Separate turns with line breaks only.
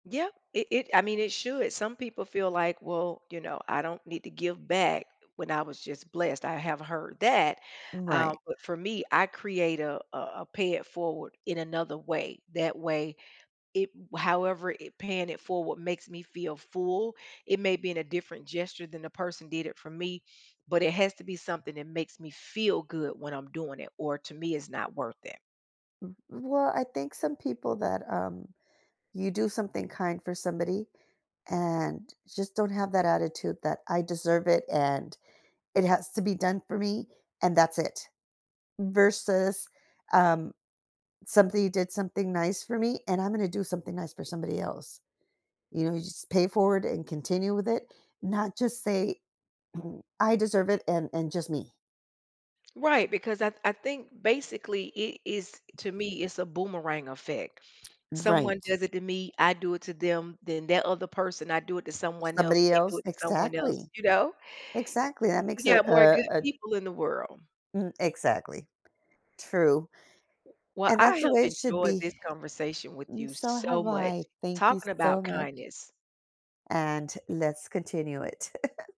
Yep. It it I mean, it should, some people feel like, "Well, you know, I don't need to give back, when I was just blessed," I have heard that,
Right.
um, but for me, I create a a a pay-it-forward, in another way. That way, it however it paying it forward makes me feel full, it may be in a different gesture than the person did it for me, but it has to be something that makes me feel good when I'm doing it, or to me, it's not worth it.
Mm, well, I think some people that, um you do something kind for somebody and just don't have that attitude that, "I deserve it, and it has to be done for me, and that's it." Versus, um, "Something you did something nice for me, and I'm gonna do something nice for somebody else." You know, you just pay it forward and continue with it, not just say, "I deserve it, and and just me."
Right, because I I think, basically, it is, to me, it's a boomerang effect. Someone
Right.
does it to me, I do it to them, then that other person, I do it to someone else,
Somebody
they do
else?
it to someone else,
Exactly.
you know?
Exactly, that
We
makes a
got more good
a a d
people in the world.
Mm, exactly. True.
Well,
And, that's
I
the
have
way it should
enjoyed
be.
this conversation with
And,
you
so
so
have
much,
I, thank you
talking
so
about
much.
kindness.
And, let's continue it.